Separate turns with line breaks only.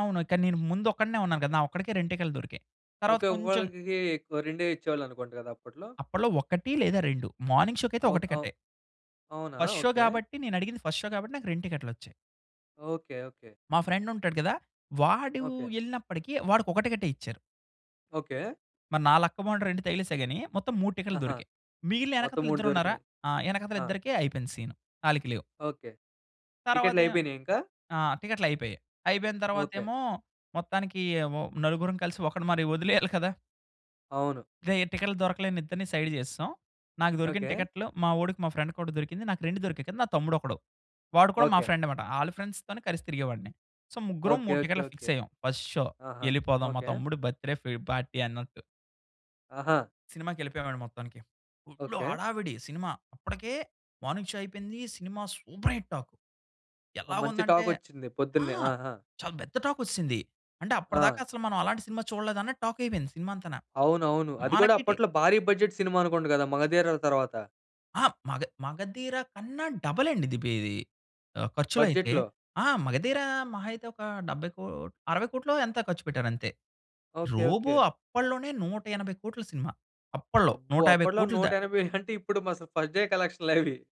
అవును. కానీ, నేను ముందు ఒక్కడినే ఉన్నాను కదా! నా ఒక్కడికే, 2 టికెట్లు దొరికాయి. తరువాత
ఓకే.
కొంచెం
ఒకళ్ళకి రెండే ఇచ్చేవాళ్ళనుకుంట కదా అప్పట్లో?
అప్పట్లో 1 లేదా, 2 మార్నింగ్ షోకైతే ఒక
ఓకె. అవు
టికట్టే.
అవునా?
First show
okay.
కాబట్టి, నేనడిగింది ఫస్ట్ షో కాబట్టి, నాకు 2 టికెట్‌లొచ్చాయి.
Okay, okay.
మా ఫ్రెండుంటాడు గదా! వాడు
ఓకే.
ఎళ్ళినప్పటికీ వాడికొక టికెటే ఇచ్చారు.
ఓకే.
మరి నా లక్కు బావుండి, 2 తగిలేసాయి గాని. మొత్తం 3 టికెట్లు
ఆహా!
దొరికాయి. మిగిలిన
మొత్తం
ఎనకతల
3
ఇద్దరు ఉన్నారా?
దొరికినాయి.
ఆహ్, వెనకాతల
ఆ!
ఇద్దరికి అయిపోయింది సీను. ఆళ్ళికి లేవు.
ఓకే. టికెట్లు
తరువాతేమో
అయిపోయినాయా ఇంకా?
ఆ! టికెట్లయిపోయాయి. అయిపోయిన
ఓకే.
తర్వాతేమో, మొత్తానికి ఒ నలుగురం కలిసి ఒకడిని మరి వదిలేయాలి కదా!
అవును.
రేయ్! టికెట్లు దొరకలేని ఇద్దరిని సైడ్ జేసేసాం. నాకు దొరికిన
ఓకే.
టికెట్లు మా వోడికి మా ఫ్రెండ్‌కొకటి దొరికింది. నాకు 2 దొరికాయి కదా! నా తమ్ముడొకడు వాడు కూడా మా
ఓకే.
ఫ్రెండ్ మాట. ఆళ్ళ ఫ్రెండ్స్‌తోనే కలిసి తిరిగేవాడిని. సో, ముగ్గురం
ఓకే,
3
ఓకే,
టికెట్లు
ఓకే.
ఫిక్స్ అయ్యాం. ఫస్ట్ షో
ఆహా!
ఎళ్ళిపోదాం మా
ఓకే.
తమ్ముడు బర్త్‌డే ఫ్రీ పార్టీ అన్నట్టు.
ఆహా!
సినిమాకెళ్ళిపోయావండి మొత్తానికి. Full
okay.
హడావిడి సినిమా. అప్పటికే మార్నింగ్ షో అయిపోయింది. సినిమా సూపర్ హిట్ టాక్.
మంచి
ఎలాగుందంటే
టాకొచ్చింది
ఆ!
పొద్దున్నే. ఆహా!
చాలా పెద్ద టాకొచ్చేసింది. అంటే, అప్పటిదాకా
ఆ!
అసలు మనం అలాంటి సినిమా చూడలేదు అన్న టాక్ అయిపోయింది సినిమా అంతను.
అవునవును. అది కూడా
మనకిటి
అప్పట్లో భారీ బడ్జెట్ సినిమా అనుకుంట కదా 'మగధీర' తర్వాత?
ఆ! మగ మగధీర కన్నా డబుల్ అండి ఇది బె ఇది ఖర్చులైతే.
బడ్జెట్‌లో.
ఆ! 'మగధీర' మహా అయితే ఒక 70 కో 60,00,00,000 ఎంతో ఖర్చుపెట్టారంతే.
ఓకే. ఓకే.
'రోబో' అప్పట్లోనే, 180,00,00,000 సినిమా. అప్పట్లో
అబ్బో!
నూట యాభై
అప్పట్లో
కోట్లు
నూట
దా
ఎనబై అంటే, ఇప్పుడు మరసలు ఫస్ట్ డే కలెక్షన్‌లవి!